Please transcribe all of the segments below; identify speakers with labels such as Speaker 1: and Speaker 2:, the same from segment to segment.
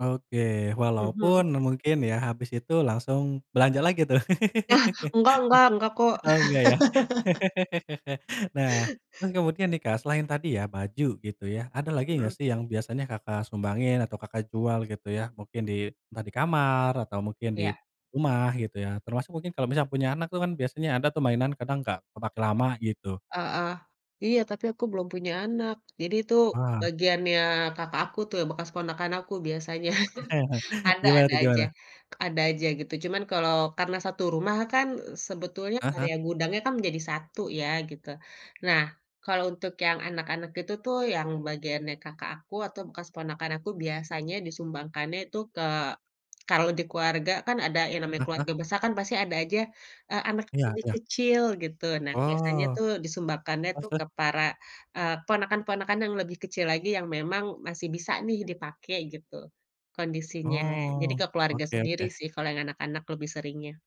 Speaker 1: Oke,
Speaker 2: Mhm.
Speaker 1: walaupun mungkin ya, habis itu langsung belanja lagi tuh.
Speaker 2: Ah, enggak enggak enggak kok.
Speaker 1: Oh, enggak ya? Nah, terus kemudian nih, Kak, selain tadi ya baju gitu ya, ada lagi gak
Speaker 2: Mhm.
Speaker 1: sih yang biasanya Kakak sumbangin atau Kakak jual gitu ya? Mungkin di entah di kamar atau mungkin di
Speaker 2: Iya.
Speaker 1: rumah gitu ya. Termasuk mungkin kalau misalnya punya anak tuh kan biasanya ada tuh mainan kadang gak kepake lama gitu.
Speaker 2: Heeh, iya, tapi aku belum punya anak. Jadi itu
Speaker 1: Wah.
Speaker 2: bagiannya kakak aku tuh yang bekas ponakan aku biasanya. Ada
Speaker 1: Gimana
Speaker 2: ada
Speaker 1: tuh,
Speaker 2: aja
Speaker 1: gimana?
Speaker 2: ada aja gitu cuma kalau karena satu rumah kan sebetulnya
Speaker 1: Ah hah.
Speaker 2: area gudangnya kan menjadi satu ya gitu. Nah, kalau untuk yang anak-anak itu tuh yang bagiannya kakak aku atau bekas ponakan aku biasanya disumbangkannya tuh ke kalau di keluarga kan ada yang namanya
Speaker 1: Ah hah.
Speaker 2: keluarga besar kan pasti ada aja, eee, anak yang
Speaker 1: Iya
Speaker 2: lebih
Speaker 1: iya.
Speaker 2: kecil gitu. Nah, biasanya
Speaker 1: Oh,
Speaker 2: tuh disumbangkannya
Speaker 1: terus
Speaker 2: tuh
Speaker 1: terus.
Speaker 2: ke para, eee, ponakan-ponakan yang lebih kecil lagi yang memang masih bisa nih dipake gitu, kondisinya. Jadi
Speaker 1: Oh,
Speaker 2: ke keluarga
Speaker 1: oke
Speaker 2: sendiri
Speaker 1: oke.
Speaker 2: sih kalau yang anak-anak lebih seringnya.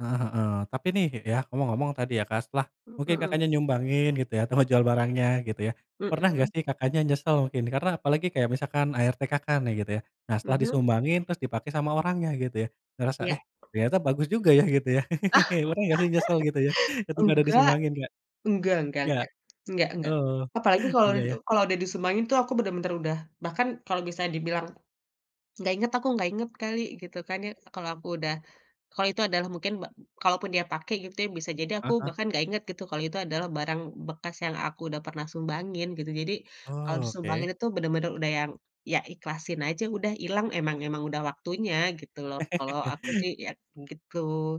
Speaker 1: Heeh heeh, tapi nih ya, ngomong-ngomong tadi ya, Kak, setelah
Speaker 2: Mmm,
Speaker 1: mungkin
Speaker 2: mhm.
Speaker 1: kakaknya nyumbangin gitu ya, atau mau jual barangnya gitu ya. Pernah gak
Speaker 2: Mhm.
Speaker 1: sih Kakaknya nyesel mungkin? Karena apalagi kayak misalkan ART Kakak nih gitu ya. Nah setelah
Speaker 2: Mhm.
Speaker 1: disumbangin terus dipakai sama orangnya gitu ya. Ngerasa eh
Speaker 2: Iya.
Speaker 1: ternyata bagus juga ya gitu ya. Pernah gak sih nyesel gitu ya ketika udah
Speaker 2: Enggak,
Speaker 1: disumbangin Kak?
Speaker 2: enggak enggak
Speaker 1: Ya.
Speaker 2: enggak, enggak enggak.
Speaker 1: Oh,
Speaker 2: Apalagi kalau
Speaker 1: iya yah.
Speaker 2: kalau udah disumbangin tuh aku bener-bener udah bahkan kalau bisa dibilang nggak inget aku, nggak inget kali gitu kan ya. Kalau aku udah kalau itu adalah mungkin ba kalaupun dia pake gitu ya bisa jadi
Speaker 1: Ah
Speaker 2: aku
Speaker 1: hah.
Speaker 2: bahkan gak inget gitu kalau itu adalah barang bekas yang aku udah pernah sumbangin gitu. Jadi kalau
Speaker 1: Oh, oke.
Speaker 2: disumbangin itu bener-bener udah yang, ya ikhlasin aja udah ilang emang emang udah waktunya gitu loh kalau aku sih ya gitu.